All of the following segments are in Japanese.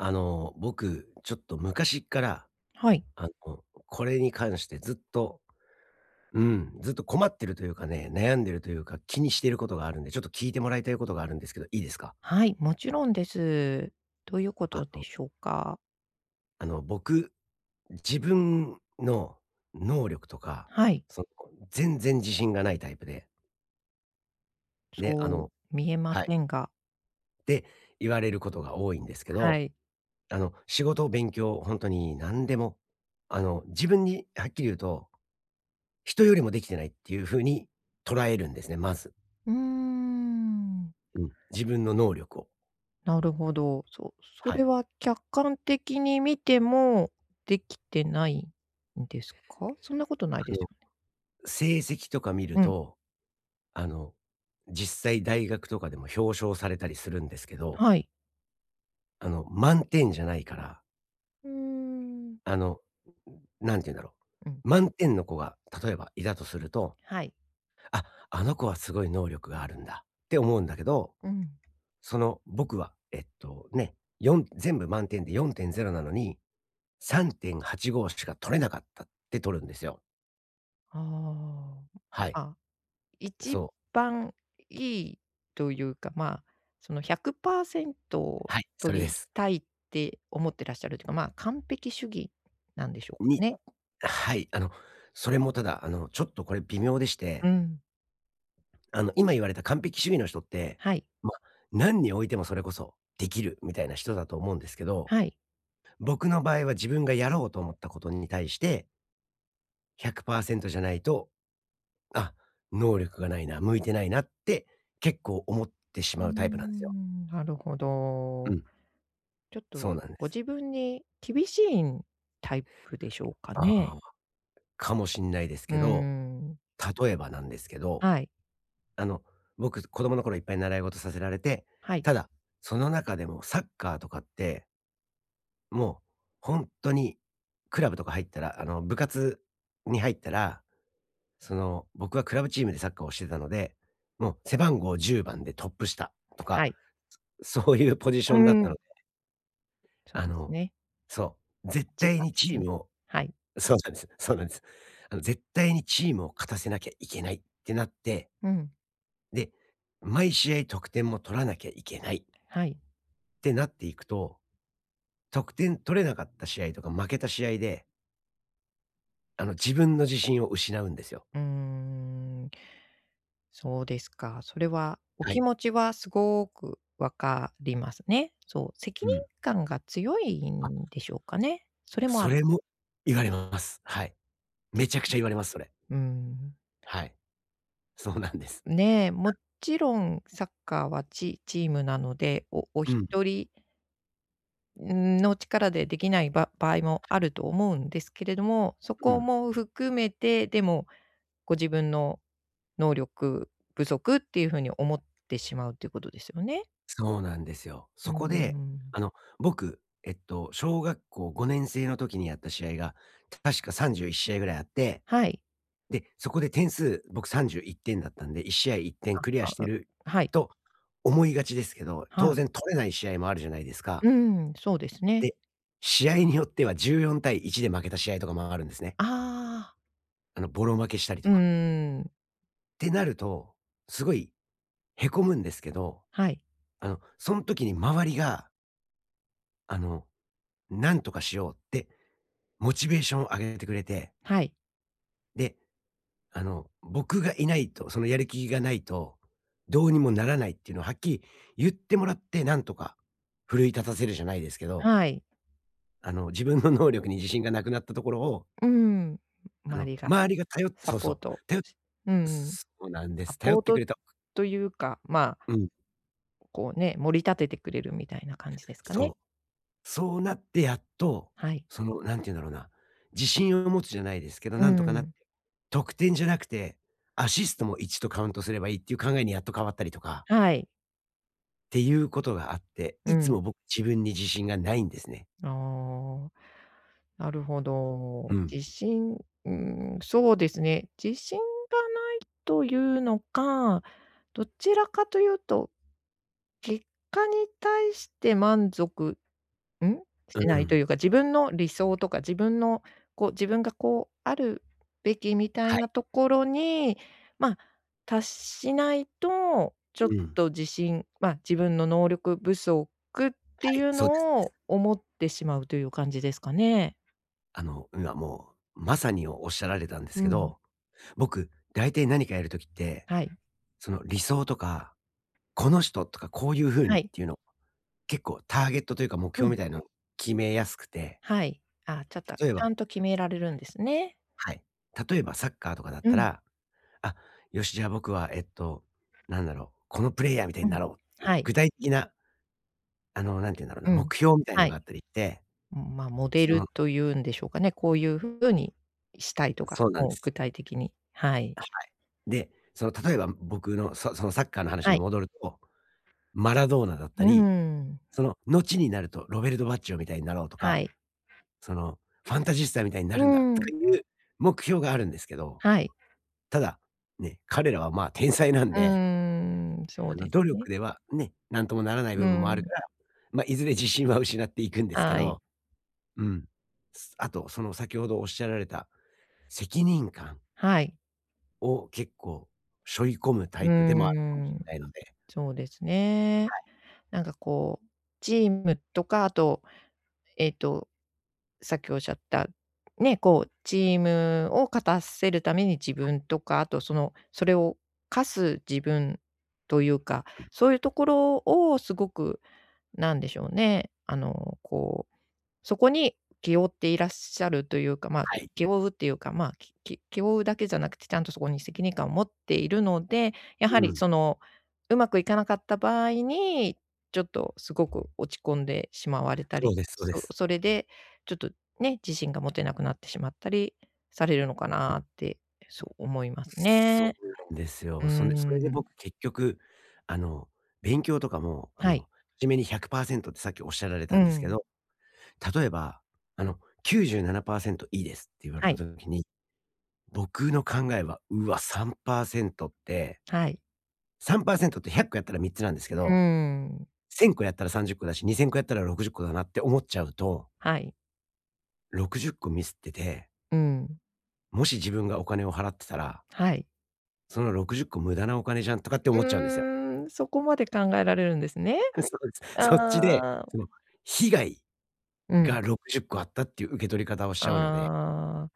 あの、僕ちょっと昔っから、はい。あの、これに関してずっと、うん、ずっと困ってるというかね、悩んでるというか、気にしてることがあるんで、ちょっと聞いてもらいたいことがあるんですけど、いいですか？はい、もちろんです。どういうこあとでの。しょうか？あの僕、自分の能力とか、はい。その、全然自信がないタイプで。で、あそうの、見えまはい。せんが。って言われることが多いんですけはど、い。あの仕事、勉強、本当に何でも、あの自分に、はっきり言うと、人よりもできてないっていう風に捉えるんですね、まず。うーん。うん、自分の能力を。なるほど。そう、そはれい。は客観的に見ても、できてないんですか？そんなことないであすの、よね。成績とか見るうん。と、あの実際大学とかでも表彰されたりするんですけど。はい。あの満点じゃないからうーん。あの、何て言うんだろうん。う、満点の子が、例えばいたとするとはい。「あ、あの子はすごい能力があるんだ」って思うんだけど、うん。その、僕は、えっとね、よん、全部満点で4.0なのに3.85しか取れなかったってとるんですよ。ああ。はい。ん、ん、あ、一そう。番いいというか、ま、その、100％はい、それ取でりす。たいって思ってらっしゃるというか、ま、完璧主義なんでしょうかにね。はい、あの、それもただ、あの、ちょっと、これ、微妙でしうて。ん。あの、今言われた完璧主義の人って、はい。ま、なんにおいてもそれこそ、できるみたいな人だと思うんですけど、はい。僕の場合は自分がやろうと思ったことに対して100％じゃないと、あ、能力がないな、向いてないなって結構思ってうしーまうタイプなんですよ。ん、なるほうど。ん。ちょっと、そうなんでごす。自分に厳しいん、タイプでしょうかね。ああ、かもしんないですうーけど、ん。例えばなんですけど、はい。あの、僕、子供の頃いっぱい習い事させられて、はい。ただ、その中でもサッカーとかって。もうほんとに、クラブとか入ったらあの、部活に入ったら、その、僕はクラブチームでサッカーをしてたので、もう、背番号10番でトップ下とはか、い。そういうポジうションだっーたん。のでそうあですのね。そう。絶じゅう対ばにんですチーね。ムをはい。そうなんですそうなんです。あの、絶対にチームを勝たせなきゃいけないってなってうん。で、毎試合得点も取らなきゃいけないはい。ってなっていくと、得点取れなかった試合とか、負けた試合であの、自分の自信を失うんですよ。うーん。そうですか。それはおは気い。持ちはすごく分かりますね。そう、責う任ん。感が強いあ。んでしょうかね。それもあそる。れも言われます。はい。出めちゃとん。くちゃ言われます。それ。うん。はい。そうなんです。ね、もやちろんサッカーはチチームなので、おおうん。一人ん、の力でできないば場合もあはい。ると思うんですけれども、そうこん。も含めて、でもご自分の能力不足ってゆうふうに思ってしまうっていうことですよね？そうなんですよ。そうんうこで、ん。あの、僕、えっと小学校5年生の時にやった試合が、確か31試合ぐらいあって、はい。で、そこで点数、僕31点だったんで、1試合1点クリアあしてあ、うん。るはい。と思いがちですけど、は当い。然取れない試合もあるじゃないですか。うん。そうですね。で、試合によっては14対1で負けた試合とかも、あるんですね。ああ。あの、ぼろ負けしたりうとーか。ん。てなると、すごいへこむんですけど、はい。あのそん時に周りがあの、何とかしようってモチベーション上げてくれて。はい。で、あの僕がいないとそのやる気がないと、どうにもならないっていうのをはっきり言ってもらって、なんとか奮い立たせるじゃないですけど。はい。あの自分の能力に自信がなくなったところをうーん、あ周の、りが周りが頼ってサそうポそーう、トたよしうん。そうなんでサす。頼ポっーてくトれるとというか、まあうん。こうね、盛り立ててくれるみたいな感じですかそね。う、そうなってやっと、はい。その何て言うんだろうな、自信を持つじゃないですけど、うなんとかなーって、ん。得点じゃなくて、アシストも1とカウントすればいいっていう考えにやっと変わったりとかはい。ていうことがあって、ういつん。も僕、自分に自信がないんですね。ああ、なるほうど。自ん。信うん、そうですね。自信がないというのか、どちらかというと、結果に対して満足うん？しうないとん。いうか、自分の理想とか、自分のこう、自分がこうあるべきみたはいい。なところに、ま、達しないと、ちょっうん。と自信、ま、自分の能力不足ってはいい、うそうですのです。を思ってしまうという感じですかね？あの、今もうまさにおおっしゃられたんですうけん。ど、僕、大体なにかやる時って、はい。その、理想とか、この人、とかこういう風はにっい。ていうの、結構ターゲットというか目う標みん。たいなの決めやすくてはい。あ、ちょっと、ち例えゃばんと決められるんですね。はい。例えばサッカーとかだっうたん。ら、あっ、よし、じゃ、僕はえっと、なんだろう、「このプレイヤーみたいうにん。なろう」っていはうい。具体的なあの、なんて言うんだろうな、うん、目標みたいのはがい。あったりって、うん、ま、モデそルのというんでしょうかね、こういうふうにしたいとか、そうなんもうす。具体的にはい。はい。で、その、例えば僕のそそのサッカーの話はにい。戻ると、マラドーナだっうたーり、ん。その、のちになるとロベルト・バッジョみたいになろうとはか、い。その、ファンタジスタみたいになうるんだーとかん。いう目標があるんですけど。はい。ただ、ね、彼らは、まあ、天才なんうーでん、そうあの、で努す力ね。では、ね、なんともならないう部分もあるかん。ら、ま、いずれ自信は失っていくんですけはい。ど。うん。すあと、その先ほどおっしゃられた責任感はい。を、結構しょい込むタうイープでもあるかもしんん、ないのでそうですね。はい。なんかこう、チームとか、あと、えっと、さっきおっしゃった、ね、こう、チームを勝たせるために、自はい。分とか、あとそのそれを課す自分というか、うん。そういうところをすごく、なんでしょうね、あの、こう、そこに気負っていらっしゃるというか、ま、はい。気負うっていうか、ま、きき気負うだけじゃなくてちゃんとそこに責任感を持っているので、やはうりん。その、うまくいかなかった場合に、ちょっとすごく落ち込んでしまわれたそうり、です、そうでそす。それでちょっとね、自信が持てなくなってしまったりされるのかうん。なってそう思いますそね。うなんですうーよ。そんで、それでん。僕、結局、あの、勉強とかも、あはの、い。はじめに100％ってさっきおっしゃられうたんですけん。ど、例えば、あの「97％、いいです」って言われはたい。時に、僕の考えは、「うわ、3％」ってはい。3％って100個やったら3つなんですけうーど、ん。1000個やったら30個だし、2000個やったら60個だなって思っちゃうとはい。60個ミスってて。うん。もし自分がお金を払ってたらはい。その60個無駄なお金じゃんとかって思っちゃうんですよ。うーん、そこまで考えられるんですね。そうであす。そっちで、あ。その、被害うん。が60個あったっていう受け取り方をしちゃうので。ああ。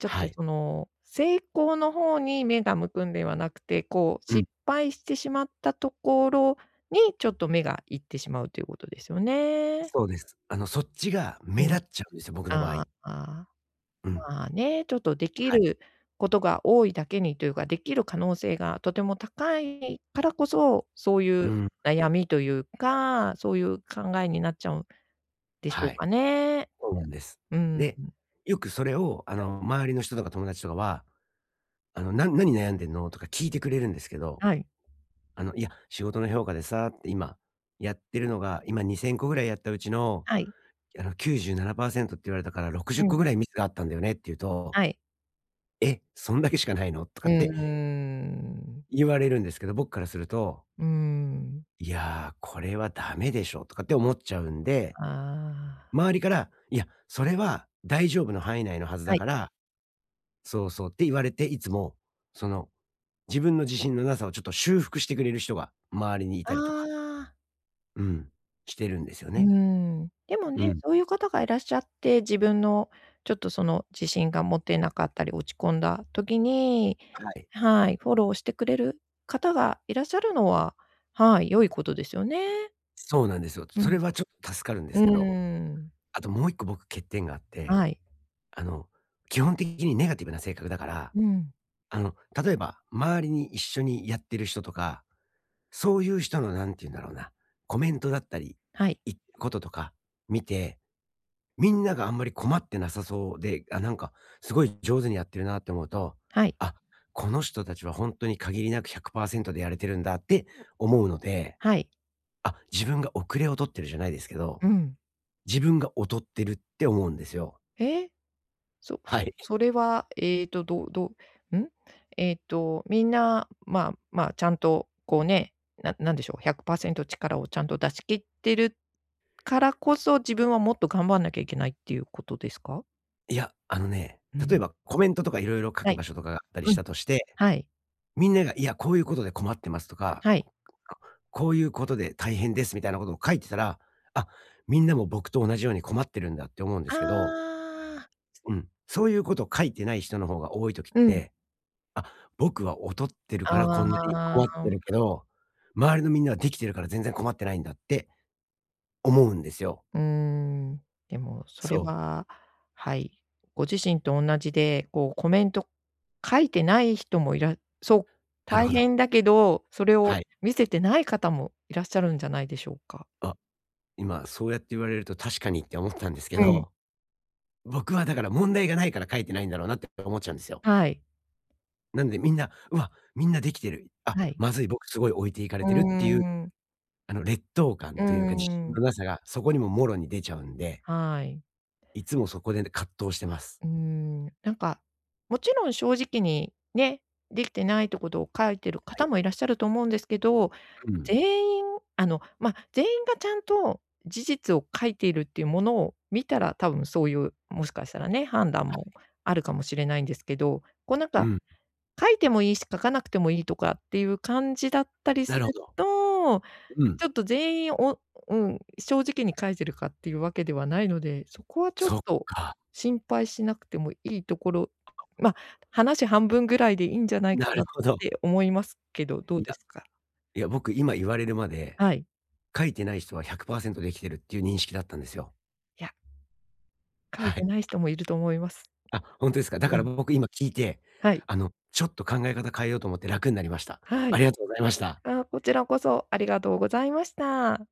ちょっはとい。その、成功の方に目が向くんではなくて、こう、うん。失敗してしまったところに、ちょっと目がいってしまうってということですよね。そうです。あの、そっちが目うん。立っちゃうんですよ、僕の場合。あ、ああ、うん。まあね、ちょっと出来はい。ることが多いだけにというか、出来る可能性がとても高いからこそ、そういううん。悩みというか、そういう考えになっちゃうんでしょはうい。かね。そうなんです。うん。で、よくそれを、あはい。の、周りの人とか友達とかは、あの、「な何悩んでんの？」とか聞いてくれるんですけど。はい。あの「いや、仕事の評価でさ」って、「今やってるのが、今2000個ぐらいやったうちの、はい。いやあの97%って言われたから、ろくじうゅっこん。ぐらいミスがあったんだよね」って言うとはい。「え、そんだけしかないの？」とうかーってん。言われるんですけど、僕からするとうーん。「いや、これはダメでしょ」とかって思っちゃうんで。ああ。周りから、いや、それは大丈夫の範囲内のはずだはい。からそうそう、って言われて、いつも、その、自分の自信のなさをちょっと修復してくれる人が周りに居あたりとか。あ。うん。してるんですようーね。ん。でもうね、ん。そういう方がいらっしゃって、自分の、ちょっとその自信が持てなかったり落ち込んだ時に、はい。はい、フォローしてくれる方がいらっしゃるのは、はい、良いことですよね。そうなんですよ。うそれん。はちょっと助かるんでうすけど。ーん。あともう一個僕欠点があって。はい。あの、基本的にネガティブな性格だから、うん。あの、例えば、周りに一緒にやってる人とか、そういう人のなんて言うんだろうな、コメントだったり、はい。いこととか、見て、みんながあんまり困ってなさそうで、あ、なんかすごい上手にやってるなって思うと、はい。あ、この人たちは本当に限りなく100%でやれてるんだって思うので。はい。あ、自分が遅れを取ってるじゃないですけど。うん。自分が劣ってるって思うんですよ。え？そはそい。それは、ええと、どどん？ええと、みんな、まま、ちゃんとこうね、ななんでしょう、100%力をちゃんと出し切ってるからこそ、自分はもっと頑張んなきゃいけないっていうことですか？いや、あのね、う例えん。ばコメントとか色々書はくい。場所とかがあったりうしん。たとして、はい。みんなが、「いや、こういうことで困ってます」とか、はい。あ、「こういうことで大変です」みたいなことを書いてたら、「あ、みんなも僕と同じように困ってるんだ」って思うんであすけど。あ。うん、そういうこと書いてない人の方が多い時っうん。て、「あ、僕は劣ってるからこんなにあ困ってあ。るけど、周りのみんなは、できてるから全然困ってないんだ」って思うんですよ。うーん、でもそれそう。ははい、ご自身とおんなじで、こう、コメント書いてない人もいらそう、なる大ほど。変だけど、それはをい。見せてない方もいらっしゃるんじゃないでしょうか？あ、今そうやって言われると確かにって思ったんですけうん。ど。僕はだから、問題がないから書いてないんだろうなって思っちゃうんですよ。はい。なんで、みんな「うわ、みんなできてる、あ、はい。まずい、僕すごい置いていかれうーてる」っていう、ん。あの、劣等感うーというか、自信ん。のなさがそこにも、もろに出ちゃうんではい。いつもそこで葛藤してます。うん、なんか、もちろん正直に、ね、できてないってことを書いてるは方い。もいらっしゃると思うんですけど、うん。全員、あの、ま、全員がちゃんと事実を書いているっていうものを見たら、多分そういう、もしかしたらね、判断はもい。あるかもしれないんですけど、こうなんうかん。書いてもいいし、書かなくてもいいとかっていう感じだったりすなるほるど。と、うん。ちょっと全員、お、うん、正直に書いてるかっていうわけではないので、そこはちょっそっとか。心配しなくてもいいところ、ま、話半分ぐらいでいいんじゃないなかるなっほど。て思いますけど、どうんでか。すか？いや、僕、今言われるまではい。書いてない人は、100％できてるっていう認識だったんですよ。いや。書いはてい。ない人もいると思います。あ、ほんとですか。だうからん。僕、今聞いて、はい。あの、ちょっと考え方変えようと思って楽になりました。はあい。りがとうございました。あ、こちらこそありがとうございました。